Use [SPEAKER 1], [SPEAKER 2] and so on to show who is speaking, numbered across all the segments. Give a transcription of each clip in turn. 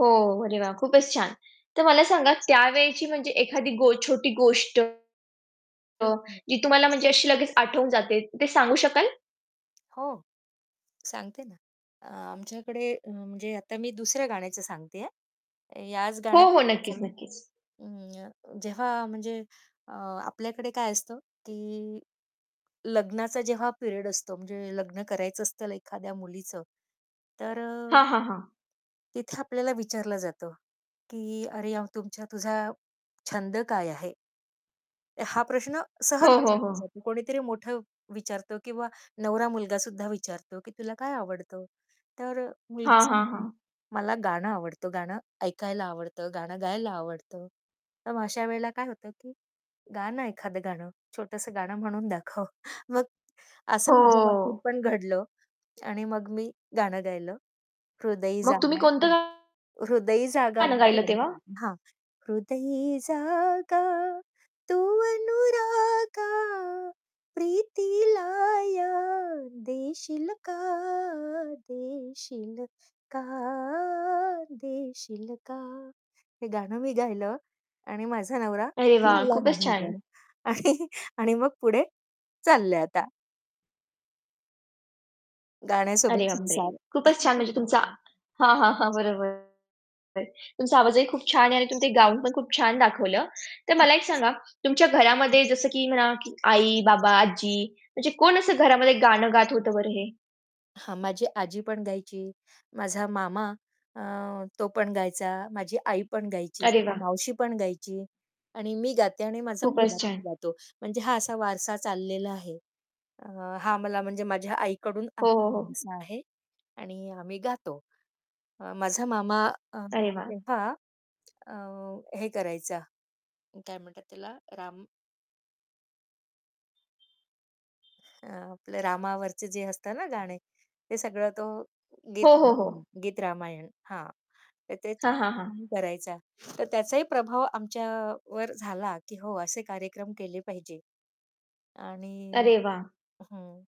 [SPEAKER 1] हो, अरे, वाह! खूपच छान. तर मला सांगा, त्यावेळची म्हणजे एखादी गो छोटी गोष्ट अ, जी तुम्हाला
[SPEAKER 2] [unintelligible]
[SPEAKER 1] म्हणजे अशी लगेच आठवून जाते. ते सांगू शकाल?
[SPEAKER 2] हो, सांगते ना. अ, आमच्याकडे म्हणजे आता मी दुसऱ्या गाण्याचं सांगते आहे, याच
[SPEAKER 1] हो, हो.
[SPEAKER 2] गाण्याबद्दलचं
[SPEAKER 1] नक्कीच,
[SPEAKER 2] नाही.
[SPEAKER 1] नक्कीच.
[SPEAKER 2] अं, जेव्हा म्हणजे अ, आपल्याकडे काय असतं, की लग्नाचा जेव्हा पिरियड असतो म्हणजे लग्न करायचं असतं एखाद्या मुलीचं तर अ,
[SPEAKER 1] हां, हां, हां.
[SPEAKER 2] तिथे आपल्याला विचारलं जातं, की "अरे, अ, तुमचा तुझा छंद काय आहे?" हा प्रश्न
[SPEAKER 1] हो,
[SPEAKER 2] सहज
[SPEAKER 1] हो, हो.
[SPEAKER 2] विचारला जातो. कोणीतरी मोठं विचारतो किंवा नवरा मुलगासुद्धा विचारतो, की "तुला काय आवडतं?" तर अ, मुलगी
[SPEAKER 1] हां, हां,
[SPEAKER 2] सांगते,
[SPEAKER 1] हां.
[SPEAKER 2] "मला गाणं आवडतं, गाणं ऐकायला आवडतं, गाणं गायला आवडतं." तर मग अशा वेळेला काय होतं, की "गा ना एखादं गाणं, छोटंसं गाणं म्हणून दाखव." मग असं माझ्या बाबतीत
[SPEAKER 1] हो.
[SPEAKER 2] पण घडलं. आणि मग मी गाणं गायलं, हृदयी
[SPEAKER 1] मग तुम्ही
[SPEAKER 2] जागा,
[SPEAKER 1] कोणतं गाणं गायलं तेव्हा?
[SPEAKER 2] तू अनुरागा, प्रीतीला या देशील का, देशील का, देशील का. आणि माझा नवरा
[SPEAKER 1] अरे, वाह!
[SPEAKER 2] भाळला
[SPEAKER 1] खूपच छान.
[SPEAKER 2] माझ्यावर आणि आणि मग पुढे चाललंय आता
[SPEAKER 1] अरे,
[SPEAKER 2] गाण्यासोबत
[SPEAKER 1] बापरे!
[SPEAKER 2] संसार.
[SPEAKER 1] खूपच छान! म्हणजे तुमचा हां, हां, हां. बरोबर. तुमचा आवाजही खूप छान आहे आणि तुम्ही ते गाऊन पण खूप छान दाखवलं. तर
[SPEAKER 2] हं.
[SPEAKER 1] मला एक सांगा तुमच्या घरामध्ये जसं की म्हणा आई-बाबा, आजी म्हणजे कोण असं घरामध्ये गाणं गात होतं बरं हे?
[SPEAKER 2] हां, माझी आजी पण गायची, माझा मामा अ, तो पण गायचा, माझी आई पण गायची,
[SPEAKER 1] अरे वाह!
[SPEAKER 2] मावशी पण गायची आणि मी गाते आणि माझा
[SPEAKER 1] खूपच
[SPEAKER 2] मुलगा पण
[SPEAKER 1] छान.
[SPEAKER 2] गातो म्हणजे हा असा वारसा चाललेला आहे. अ, हां, मला म्हणजे माझ्या आईकडून
[SPEAKER 1] हो, हो,
[SPEAKER 2] आलेला
[SPEAKER 1] हो.
[SPEAKER 2] वारसा आहे आणि आम्ही गातो. अ, माझा मामा अ,
[SPEAKER 1] अरे वाह!
[SPEAKER 2] तेव्हा अ, हे करायचा, काय म्हणतात त्याला? राम अ, आपलं रामावरचे जे असतं ना गाणे हे सगळं तो गीत
[SPEAKER 1] हो, हो, हो.
[SPEAKER 2] गीत-रामायण. हां, तर तेच
[SPEAKER 1] हां,
[SPEAKER 2] खूप
[SPEAKER 1] हां, हां.
[SPEAKER 2] छान करायचा. तर त्याचाही प्रभाव आमच्यावर झाला, की हो असे कार्यक्रम केले पाहिजे आणि
[SPEAKER 1] अरे, वाह!
[SPEAKER 2] हं,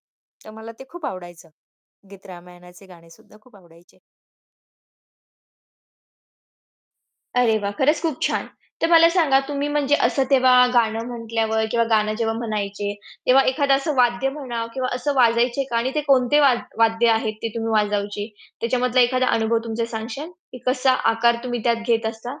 [SPEAKER 2] तर मला ते खूप आवडायचं गीत-रामायणाचे गाणे सुद्धा खूप आवडायचे.
[SPEAKER 1] अरे, वाह! खरंच खूप छान. तर मला सांगा, तुम्ही म्हणजे असं तेव्हा गाणं म्हटल्यावर किंवा गाणं जेव्हा म्हणायचे, तेव्हा एखादं असं वाद्य म्हणा किंवा असं वाजवायचे का? आणि ते कोणते वा वाद्य आहेत ते तुम्ही वाजवायचे त्याच्यामधला एखादा अनुभव तुमचा सांगाल, की कसा आकार तुम्ही त्यात घेत असता?